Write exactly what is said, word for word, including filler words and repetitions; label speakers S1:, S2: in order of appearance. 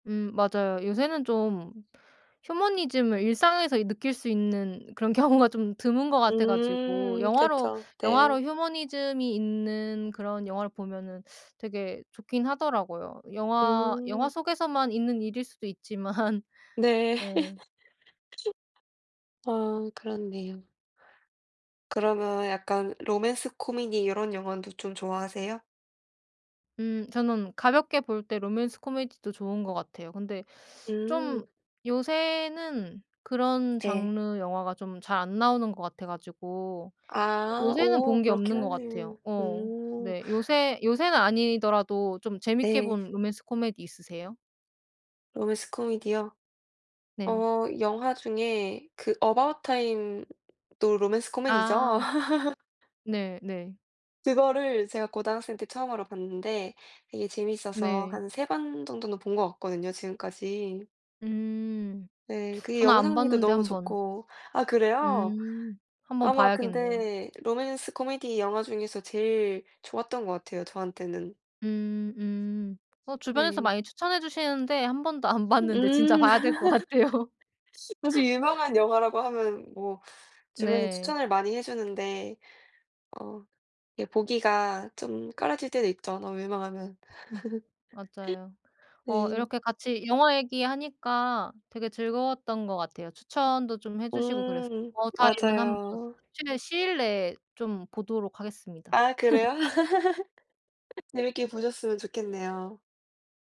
S1: 음 맞아요. 요새는 좀 휴머니즘을 일상에서 이 느낄 수 있는 그런 경우가 좀 드문 것 같아 가지고
S2: 음
S1: 영화로
S2: 그쵸. 네.
S1: 영화로 휴머니즘이 있는 그런 영화를 보면은 되게 좋긴 하더라고요. 영화 영화
S2: 음.
S1: 속에서만 있는 일일 수도 있지만.
S2: 네.
S1: 네.
S2: 아 그렇네요. 그러면 약간 로맨스 코미디 이런 영화도 좀 좋아하세요?
S1: 음 저는 가볍게 볼 때 로맨스 코미디도 좋은 것 같아요. 근데
S2: 음.
S1: 좀 요새는 그런
S2: 네.
S1: 장르 영화가 좀 잘 안 나오는 것 같아 가지고
S2: 아.
S1: 요새는
S2: 오
S1: 본 게
S2: 그렇긴
S1: 없는 것
S2: 하네요.
S1: 같아요. 어
S2: 음.
S1: 네. 요새 요새는 아니더라도 좀 재밌게
S2: 네.
S1: 본 로맨스 코미디 있으세요?
S2: 로맨스 코미디요?
S1: 네.
S2: 어 영화 중에 그 어바웃 타임도 로맨스 코미디죠?
S1: 아. 네네.
S2: 그거를 제가 고등학생 때 처음으로 봤는데 되게 재밌어서
S1: 네.
S2: 한 세 번 정도는 본 것 같거든요 지금까지.
S1: 음
S2: 네. 그게
S1: 저는 안
S2: 영상미도
S1: 봤는데
S2: 너무
S1: 한번
S2: 좋고 아 그래요?
S1: 음 한번
S2: 아마
S1: 봐야겠네요.
S2: 근데 로맨스 코미디 영화 중에서 제일 좋았던 것 같아요 저한테는.
S1: 음 음 어 주변에서
S2: 네.
S1: 많이 추천해 주시는데 한 번도 안 봤는데 진짜
S2: 음.
S1: 봐야 될 것 같아요.
S2: 사실 유명한 영화라고 하면 뭐 주변에서
S1: 네.
S2: 추천을 많이 해 주는데 어 예 보기가 좀 꺼려질 때도 있죠 너무 유명하면.
S1: 음 맞아요. 어
S2: 네.
S1: 이렇게 같이 영화 얘기 하니까 되게 즐거웠던 것 같아요. 추천도 좀 해 주시고 그래서
S2: 음
S1: 어바웃 타임은 한번
S2: 맞아요.
S1: 최대한 시일 내에 좀 보도록 하겠습니다.
S2: 아 그래요? 재밌게 보셨으면 좋겠네요.